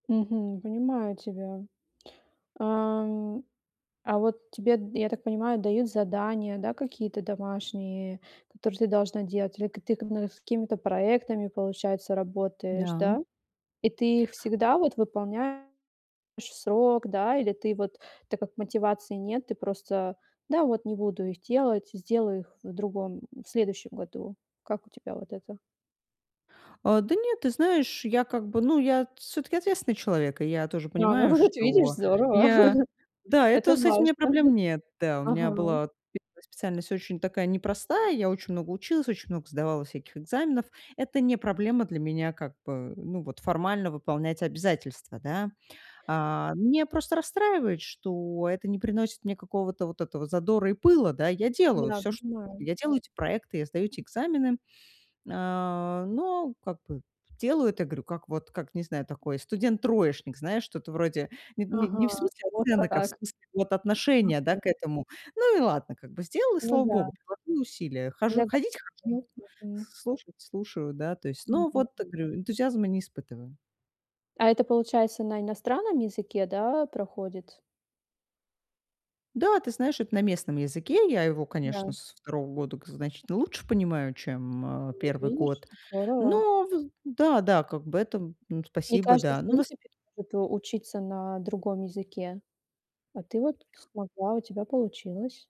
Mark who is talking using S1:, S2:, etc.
S1: Мгм. Понимаю тебя. Ам, а вот тебе д я так понимаю, дают задания, да, какие-то домашние, которые ты должна делать, или к ты к с какими-то проектами, получается, работаешь,
S2: Да.
S1: да? И ты всегда вот выполняешь в срок, да? Или ты вот так, как мотивации нет, ты просто: "Да, вот, не буду их делать, сделаю их в другом в следующем году". Как у тебя вот это?
S2: А, да нет, ты знаешь, я как бы, ну, я всё-таки ответственный человек. И я тоже
S1: А, ну
S2: понимаю,
S1: вот видишь,
S2: что
S1: здорово.
S2: я Да,
S1: Это
S2: это, с этим у меня
S1: важно.
S2: проблем нет, да. У меня
S1: Ага.
S2: была 1 специальность очень такая, непростая. Я очень много училась, очень много сдавала всяких экзаменов. Это не проблема для меня, как бы, ну вот, формально выполнять обязательства, да. А, меня просто расстраивает, что это не приносит мне какого-то, вот этого задора и пыла, да. Я делаю
S1: Да,
S2: всё чт
S1: понимаю.
S2: я делаю эти проекты, я сдаю эти экзамены, э. Но как бы делаю это, говорю, как вот, как не знаю, такой студент-троечник, знаешь, что-то вроде не не
S1: Ага,
S2: -не в смысле
S1: вот
S2: оценок, а в
S1: как.
S2: смысле вот отношения, да,
S1: Мгм.
S2: к этому. Ну и ладно как бы- сделала, и
S1: Ну
S2: слава
S1: да.
S2: богу, приложила усилия, хожу ходить-
S1: [unintelligible]
S2: хожу,
S1: Мгм.
S2: слушать- слушаю, да. То есть, ну
S1: Мгм.
S2: вот, э, говорю, энтузиазма не испытываю.
S1: А это, получается, на иностранном языке, да, проходит?
S2: Да, ты знаешь, это на местном языке. Я его,
S1: Да.
S2: конечно, со 2 года к значительно лучше понимаю, чем, э,
S1: Ну, вот
S2: 1
S1: видишь,
S2: год.
S1: здорово.
S2: Но в да, да, как бы это.
S1: Не
S2: Спасибо,
S1: каждый
S2: да.
S1: в
S2: Ну в ос
S1: принципе, может у учиться на другом языке. А ты вот смогла, у тебя получилось.